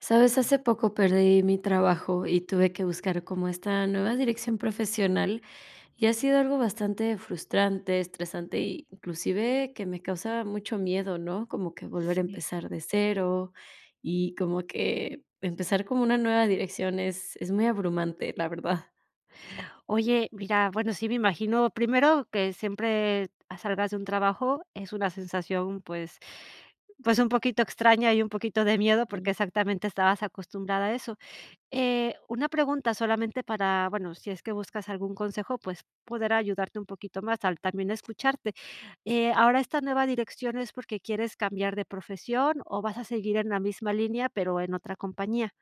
¿Sabes? hace poco perdí mi trabajo y tuve que buscar como esta nueva Ujú. dirección profesional, y ha sido algo bastante frustrante, estresante, y inclusive que me causa mucho miedo, ¿no? como que volver a Sí. empezar de cero, y como que empezar como una nueva dirección es es muy abrumante, la verdad. Oye, mira, bueno, sí me imagino primero que siempre a salgas de un trabajo, es una sensación, pues pues un poquito extraña y un poquito de miedo, Ah. porque exactamente estabas acostumbrada a eso. Eh, una pregunta solamente para, bueno, sí es que buscas algún consejo, pues poder ayudarte un poquito más al también escucharte. Eh, ¿ahora esta nueva dirección es porque quieres cambiar de profesión o vas a seguir en la misma línea, pero en otra compañía?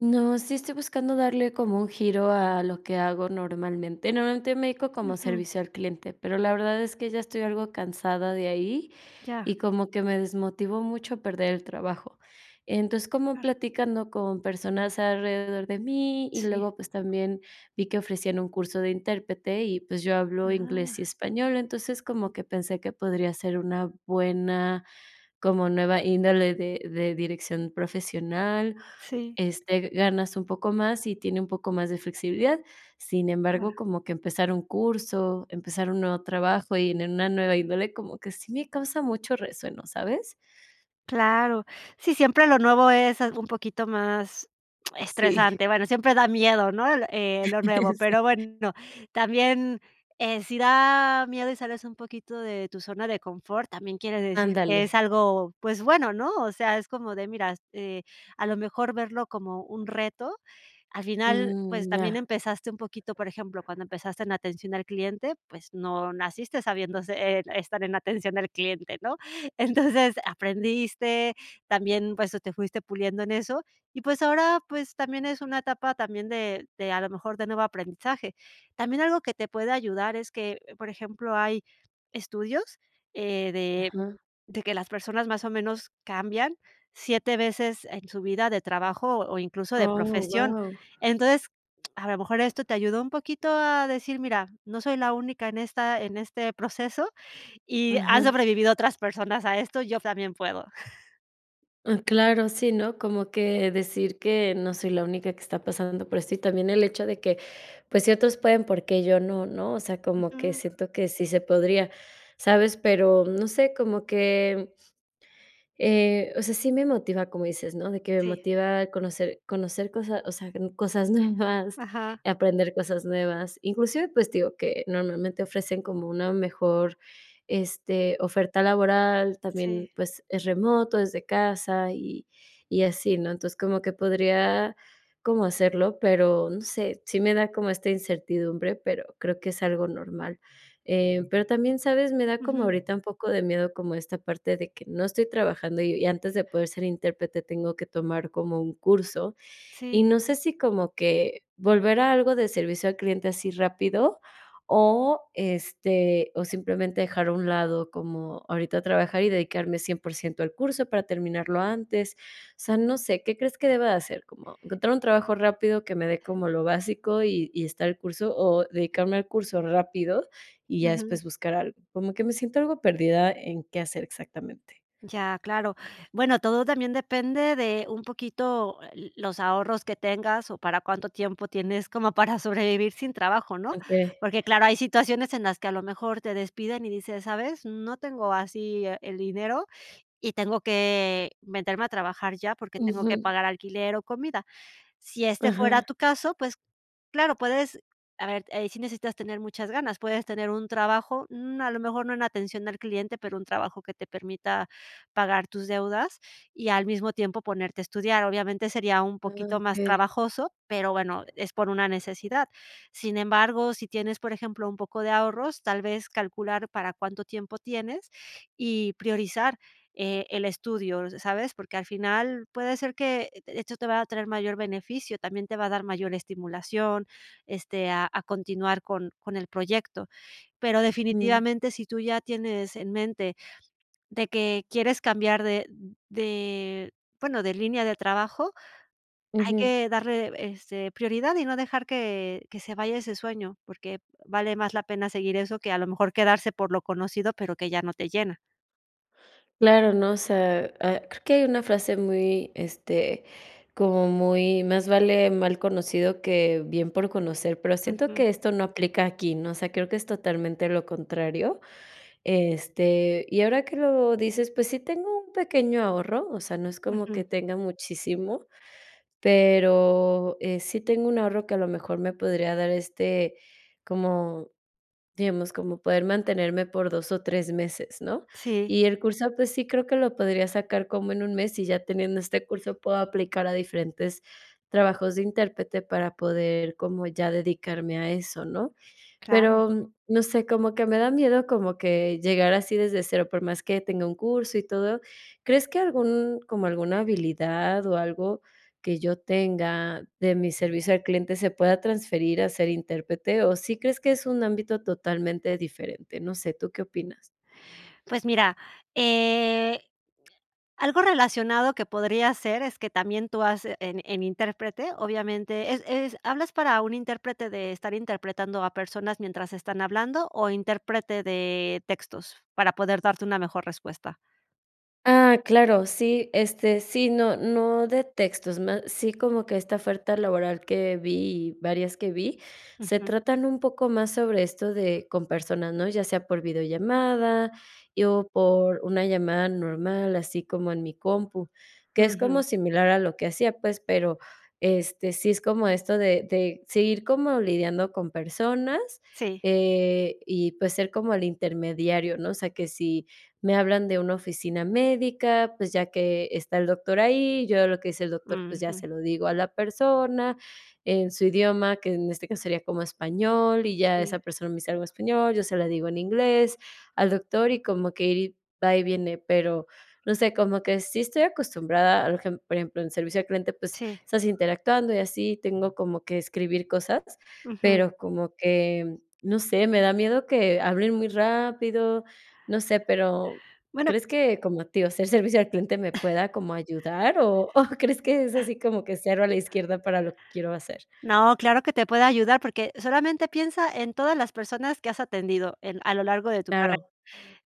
No, sí estoy buscando darle como un giro a lo que hago normalmente. Normalmente me dedico como Ujú. servicio al cliente, pero la verdad es que ya estoy algo cansada de ahí Ya. y como que me desmotivó mucho perder el trabajo. Entonces, como Claro. platicando con personas alrededor de mí, y Sí. luego, pues, también vi que ofrecían un curso de intérprete y, pues, yo hablo inglés y Ah. español. Entonces, como que pensé que podría ser una buena, como nueva índole de de dirección profesional, Sí. este, ganas un poco más y tiene un poco más de flexibilidad. Sin Claro. embargo, como que empezar un curso, empezar un nuevo trabajo y en una nueva índole, como que sí me causa mucho resueno, ¿sabes? Claro, sí, siempre lo nuevo es, ah, un poquito más Sí. estresante, bueno, siempre da miedo, ¿no? El o, eh, lo nuevo, pero Sí. bueno, también, eh, sí da miedo y sales un poquito de tu zona de confort, también quiere decir que es Ándale. algo, pues bueno, ¿no? O sea, es como de, mira, eh, a lo mejor verlo como un reto. Al final, pues, Mm, también ya. empezaste un poquito por ejemplo, cuando empezaste en atención al cliente, pues no naciste sabiéndo se e estar en atención al cliente, ¿no? Entonces aprendiste, también, pues, o te fuiste puliendo en eso. Y pues ahora, pues, también es una etapa también de de a lo mejor de nuevo aprendizaje. También algo que te puede ayudar es que, por ejemplo, hay estudios, eh, de Ajá. de que las personas más o menos cambian 7 veces en su vida de trabajo o incluso de Oh, profesión. guau. Entonces, a lo mejor esto te ayudó un poquito a decir: "Mira, no soy la única en esta en este proceso y han Ajá. sobrevivido otras personas a esto, yo también puedo". Ah, claro, sí, ¿no? como que decir que no soy la única que está pasando por esto. Y también el hecho de que, pues, ciertos pueden porque yo no, ¿no? O sea, como que Ujú. siento que sí se podría, ¿sabes? pero no sé, como que. Eh, o sea, sí me motiva, como dices, ¿no? De que me Sí. motiva conocer conocer cosas o sea, cosas nuevas, Ajá. aprender cosas nuevas. Inclusive, pues, te digo, que normalmente ofrecen como una mejor, este, oferta laboral, también Sí. pues es remoto, desde casa y y así, ¿no? Entonces como que podría como hacerlo, pero no sé, sí me da como esta incertidumbre, pero creo que es algo normal. Eh, pero también, ¿sabes? me da como Uju. ahorita un poco de miedo como esta parte de que no estoy trabajando y antes de poder ser intérprete tengo que tomar como un curso, y Sí. no sé si como que volver a algo de servicio al cliente así rápido o, este, o simplemente dejar a un lado como ahorita trabajar y dedicarme 100% al curso para terminarlo antes. O sea, no sé, ¿qué crees que deba de hacer? ¿Como encontrar un trabajo rápido que me dé como lo básico y y estar el curso, o dedicarme al curso rápido y ya Uju. después buscar algo? Como que me siento algo perdida en qué hacer exactamente. Ya, claro. Bueno, todo también depende de un poquito, ah, eh, los ahorros que tengas o para cuánto tiempo tienes como para sobrevivir sin trabajo, ¿no? Okey. Porque claro, hay situaciones en las que a lo mejor te despiden y dices, ¿sabes? no tengo así e el dinero y tengo que meterme a trabajar ya porque tengo que Ujú. pagar alquiler o comida. Sí este fuera Ajá. tu caso, pues, claro, puedes, a ver, eh, sí necesitas tener muchas ganas, puedes tener un trabajo, mm, a lo mejor no en atención al cliente, pero un trabajo que te permita pagar tus deudas y al mismo tiempo ponerte a estudiar. Obviamente sería un Ah, poquito más okey. trabajoso, pero bueno, es por una necesidad. Sin embargo, sí tienes, por ejemplo, un poco de ahorros, tal vez calcular para cuánto tiempo tienes y priorizar, eh, el estudio, ¿sabes? Porque al final puede ser que esto te va a traer mayor beneficio, también te va a dar mayor estimulación, este, a a continuar con con el proyecto. Pero Mm. definitivamente sí tú ya tienes en mente de que quieres cambiar de de, bueno, de línea de trabajo, hay Ujú. que darle, este, prioridad y no dejar que que se vaya ese sueño porque vale más la pena seguir eso que a lo mejor quedarse por lo conocido pero que ya no te llena. Claro, ¿no? o sea, ah, creo que hay una frase muy, este, como muy más vale mal conocido que bien por conocer, pero siento Ujú. que esto no aplica aquí, ¿no? O sea, creo que es totalmente lo contrario, este, y ahora que lo dices, pues sí tengo un pequeño ahorro, o sea, no es como Ujú. que tenga muchísimo, pero, eh, sí tengo un ahorro que a lo mejor me podría dar este como, digamos, como poder mantenerme por 2 o 3 meses, ¿no? Sí. Y el curso, pues sí, creo que lo podría sacar como en un mes, y ya teniendo este curso puedo aplicar a diferentes trabajos de intérprete para poder como ya dedicarme a eso, ¿no? Claro. Pero no sé, como que me da miedo como que llegar así desde cero, por más que tenga un curso y todo, ¿crees que algún como alguna habilidad o algo que yo tenga de mi servicio al cliente se pueda transferir a ser intérprete? O, sí crees que es un ámbito totalmente diferente, no sé, ¿tú qué opinas? Pues mira, eh, algo relacionado que podría ser es que también tú has en en intérprete obviamente es es, ¿hablas para un intérprete de estar interpretando a personas mientras están hablando o interprete de textos? Para poder darte una mejor respuesta. Ah, claro, sí, este, sí, no no de textos, más sí como que esta oferta laboral que vi y, varias que vi, se Ujú. tratan un poco más sobre esto de con personas, ¿no? Ya sea por videollamada y o por una llamada normal, así como en mi compu, que es como Ujú. similar a lo que hacía, pues, pero este, sí es como esto de de seguir como lidiando con personas, Sí. eh, y, pues, ser como el intermediario, ¿no? O sea, que sí me hablan de una oficina médica, pues, ya que está el doctor ahí, yo lo que dice el doctor, pues, ya Ujú. se lo digo a la persona en su idioma, que en este caso sería como español, y ya Sí. esa persona me dice algo español, yo se la digo en inglés al doctor, y como que ir va y viene. Pero, no sé, como que sí estoy acostumbrada arejem por ejemplo, en servicio al cliente, pues Sí. estás interactuando y así tengo como que escribir cosas, Ujú. pero como que, no sé, me da miedo que hablen muy rápido, no sé, pero Bueno. ¿crees que como a ti, o ser servicio al cliente me pueda como ayudar o o crees que es así como que cero a la izquierda para lo que quiero hacer? No, claro que te puedo ayudar porque solamente piensa en todas las personas que has atendido en a lo largo de tu carrera. Claro.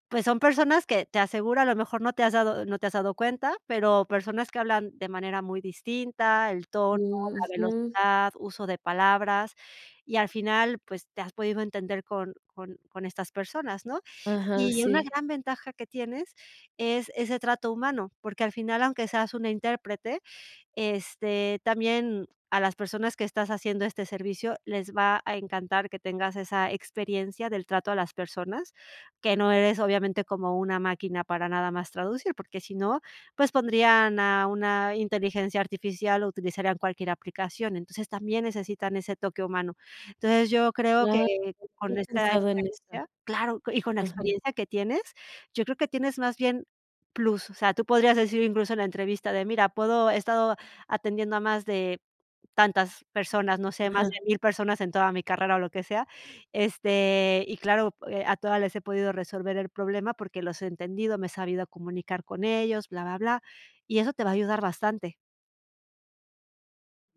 Pues son personas que te asegura a lo mejor no te has dado no te has dado cuenta, pero personas que hablan de manera muy distinta, el tono, Mm, la ujú. velocidad, uso de palabras y al final pues te has podido entender con con con estas personas, ¿no? Ajá, Y una sí. gran ventaja que tienes es ese trato humano, porque al final, aunque seas una intérprete, este, también a las personas que estás haciendo este servicio les va a encantar que tengas esa experiencia del trato a las personas, que no eres obviamente como una máquina para nada más traducir, porque sí no, pues pondrían a una inteligencia artificial o utilizarían cualquier aplicación. Entonces, también necesitan ese toque humano. Entonces, yo creo que Claro, no había con esta pensado en esa, experiencia claro, y con la ajá. experiencia que tienes, yo creo que tienes más bien, plus. O sea, tú podrías decir incluso en la entrevista de, mira, puedo he estado atendiendo a más de tantas personas, no sé, más de Ajá. 1000 personas en toda mi carrera o lo que sea. Este, y claro, eh, a todas les he podido resolver el problema porque los he entendido, me he sabido comunicar con ellos, bla bla bla. Y eso te va a ayudar bastante.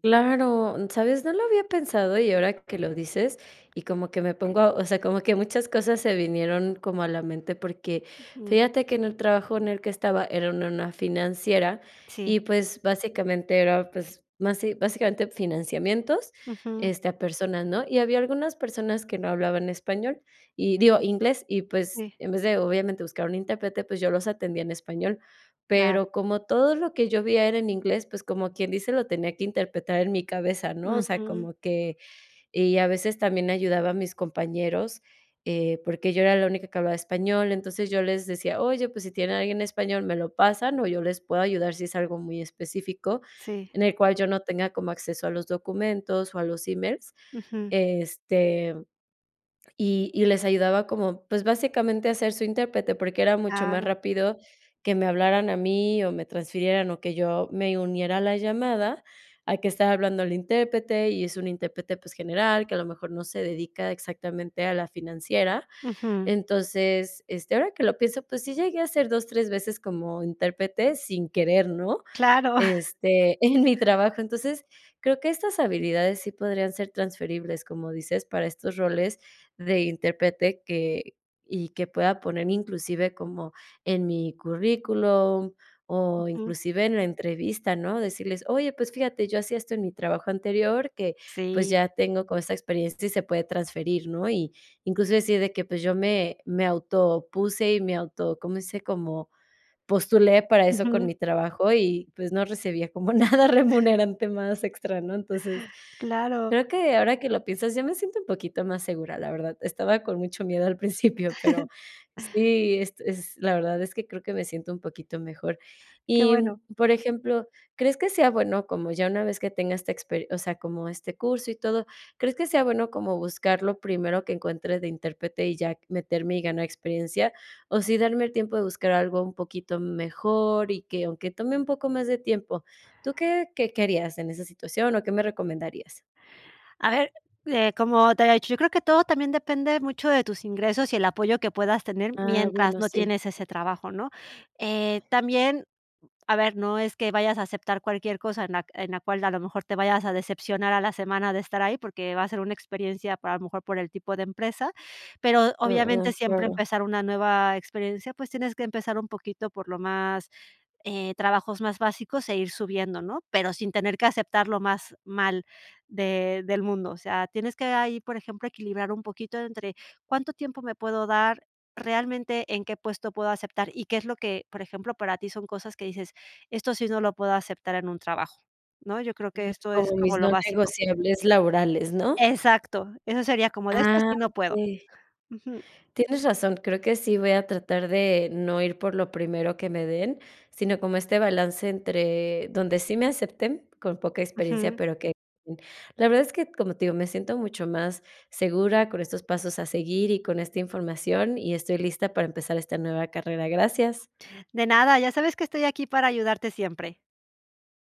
Claro, ¿sabes? no lo había pensado y ahora que lo dices y como que me pongo o sea, como que muchas cosas se vinieron como a la mente, porque Ujú. fíjate que en el trabajo en el que estaba era en una financiera y, Sí. pues, básicamente era, pues, basi básicamente financiamientos, Ujú. este, a personas, ¿no? Y había algunas personas que no hablaban español y digo, inglés y, pues, Sí. en vez de obviamente buscar un intérprete, pues, yo los atendía en español. Claro. Pero como todo lo que yo vi era en inglés, pues como quien dice, lo tenía que interpretar en mi cabeza, ¿no? O sea, Ujú. como que y a veces también ayudaba a mis compañeros, eh, porque yo era la única que hablaba español. Entonces, yo les decía: "Oye, pues sí tienen alguien español, me lo pasan o yo les puedo ayudar sí es algo muy específico Sí. en el cual yo no tenga como acceso a los documentos o a los emails", Ujú. este, y y les ayudaba como, pues básicamente a ser su intérprete, porque era mucho más Claro. rápido que me hablaran a mí o me transfirieran o que yo me uniera a la llamada a que estar hablando el intérprete y es un intérprete, pues, general que a lo mejor no se dedica exactamente a la financiera. Ujú. Entonces, este, ahora que lo pienso, pues sí llegué a ser 2, 3 veces como intérprete sin querer, ¿no? Claro. Este, en mi trabajo. Entonces, creo que estas habilidades sí podrían ser transferibles, como dices, para estos roles de intérprete que y que pueda poner inclusive como en mi currículum o Ujú. inclusive en la entrevista, ¿no? Decirles: "Oye, pues fíjate, yo hacía esto en mi trabajo anterior que, pues Sí. ya tengo como esa experiencia y se puede transferir," ¿no? Y, incluso así de que, pues, yo me me autopuse y me auto ¿cómo dice? como postulé para eso con Ujú. mi trabajo y, pues, no recibía como nada remunerante más extra, ¿no? Entonces, Claro. creo que ahora que lo piensas, ya me siento un poquito más segura, la verdad. Estaba con mucho miedo al principio, pero sí, este, es la verdad es que creo que me siento un poquito mejor. Que Y, bueno. por ejemplo, ¿crees que sea bueno como ya una vez que tenga esta expe o sea, como este curso y todo, crees que sea bueno como buscar lo primero que encuentre de intérprete y ya meterme y ganar experiencia, o sí darme el tiempo de buscar algo un poquito m mejor, y que aunque tome un poco más de tiempo? ¿Tú qué qué qué harías en esa situación o qué me recomendarías? A ver, eh, como te había dicho, yo creo que todo también depende mucho de tus ingresos y el apoyo que puedas tener Ah, mientras bueno, no sí. tienes ese trabajo, ¿no? Eh, también, a ver, no es que vayas a aceptar cualquier cosa en la en la cual a lo mejor te vayas a decepcionar a la semana de estar ahí, porque va a ser una experiencia para a lo mejor por el tipo de empresa. Pero Ah obviamente ah, siempre claro. empezar una nueva experiencia, pues tienes que empezar un poquito por lo más, eh, trabajos más básicos e ir subiendo, ¿no? Pero sin tener que aceptar lo más mal de del mundo. O sea, tienes que ahí, por ejemplo, equilibrar un poquito entre cuánto tiempo me puedo dar, realmente en qué puesto puedo aceptar y qué es lo que, por ejemplo, para ti son cosas que dices, esto sí no lo puedo aceptar en un trabajo, ¿no? yo creo que Ah, esto es como en como mis lo no básico. negociables laborales, ¿no? Exacto. Eso sería como de estas Ah, sí no puedo, okey. uju. Tienes razón, creo que sí voy a tratar de no ir por lo primero que me den, sino como este balance entre donde sí me acepten, con poca experiencia, Ujú. pero que, mm, la verdad es que, como te digo, me siento mucho más segura con estos pasos a seguir y con esta información, y estoy lista para empezar esta nueva carrera. Gracias. De nada, ya sabes que estoy aquí para ayudarte siempre.